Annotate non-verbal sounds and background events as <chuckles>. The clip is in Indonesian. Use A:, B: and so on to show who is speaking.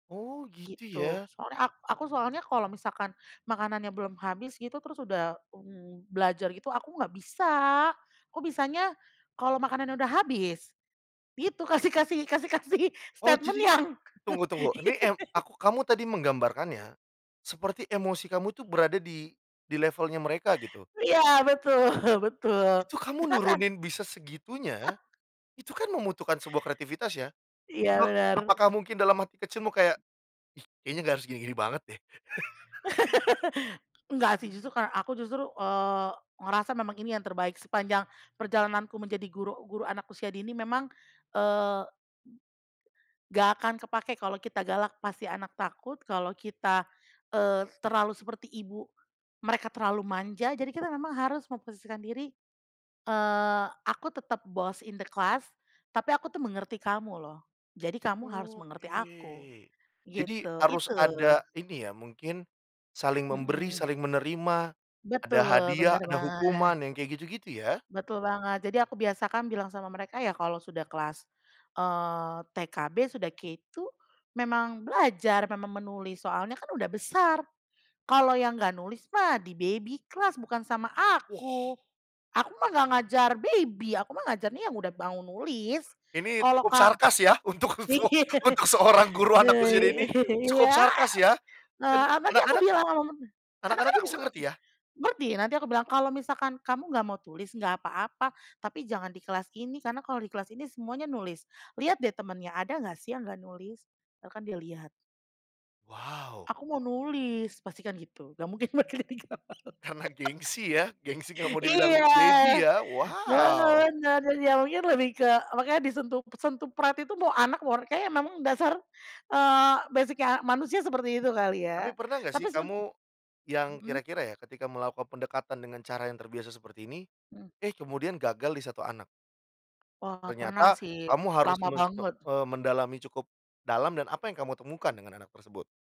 A: Oh gitu
B: Gitu
A: ya.
B: soalnya ak aku soalnya kalo misalkan, makanannya belum habis gitu terus udah, mmm, belajar gitu aku nggak bisa, aku bisanya, kalo makanannya udah habis, gitu kasih kasih kasih kasih
A: Oh
B: statement
A: jadi,
B: yang.
A: tunggu-tunggu ini eng
B: <laughs>
A: aku kamu tadi menggambarkannya, seperti emosi kamu tuh berada di di levelnya mereka gitu.
B: Iya, betul betul
A: Itu kamu
B: jangan.
A: nurunin bisa segitunya,
B: <laughs>
A: itu kan membutuhkan sebuah kreativitas ya,
B: Iya
A: apa
B: benar.
A: apakah mungkin dalam hati kecilmu kayak, ih, kayaknya gak harus gini-gini banget deh. <chuckles>
B: <laughs> Enggak sih justru kar aku justru, eee, ngerasa memang ini yang terbaik sepanjang perjalananku menjadi guru guru anak usia dini memang, eee Nggak akan kepake kalau kita galak pasti anak takut kalau kita, eee, terlalu seperti ibu, mereka terlalu manja jadi kita memang harus memposisikan diri, eee, aku tetap boss in the class, tapi aku tuh mengerti kamu loh, jadi kamu harus mengerti aku,
A: Oke, jadi
B: gitu
A: harus
B: itu.
A: ada ini ya mungkin, saling memberi
B: Mhm.
A: saling menerima, ada
B: Betul
A: hadiah
B: bener
A: ada
B: banget.
A: hukuman yang kayak gitu-gitu ya?
B: Betul banget, jadi aku biasakan bilang sama mereka ya kalau sudah kelas, eee, TKB sudah K2 memang belajar memang menulis soalnya kan udah besar, kalau yang nggak nulis mah di-baby class bukan sama aku,
A: Wah.
B: aku mah gak ngajar baby aku mah ngajarnya yang udah mau nulis,
A: Ini
B: kalau
A: cukup
B: ka
A: sarkas ya untuk so
B: <laughs>
A: untuk seorang guru anak usia dini, cukup
B: iya,
A: sarkas ya dan,
B: eee, tadi aku
A: anak-anak,
B: bilang
A: anak-anaknya bisa ngerti
B: <unintelligible>
A: ya?
B: berhenti nanti aku bilang kalau misalkan kamu nggak mau tulis nggak apa-apa tapi jangan di kelas ini karena kalau di kelas ini semuanya nulis liat deh temennya ada nggak sih yang nggak nulis, bahkan dia lihat.
A: Wow.
B: Aku mau nulis pastikan gitu nggak mungkin <unintelligible> <laughs>
A: Karena gengsi ya, gengsi gak mau dibilang
B: iya
A: baby ya,
B: no
A: wow.
B: no mungkin lebih ke makanya disentuh sentuh <unintelligible> itu mau anak orang kayaknya memang dasar, eee, basic-nya manusia seperti itu kali ya
A: Tapi pernah gak sih
B: tapi seben
A: kamu, yang
B: mhm.
A: kira-kira ya ketika melakukan pendekatan dengan cara yang terbiasa seperti ini,
B: Mhm.
A: eh, kemudian gagal di 1 anak.
B: Wah pernah
A: Ternyata
B: sih
A: kamu harus
B: lama
A: men me
B: banget.
A: eee, mendalami cukup, dalam dan apa yang kamu temukan dengan anak tersebut?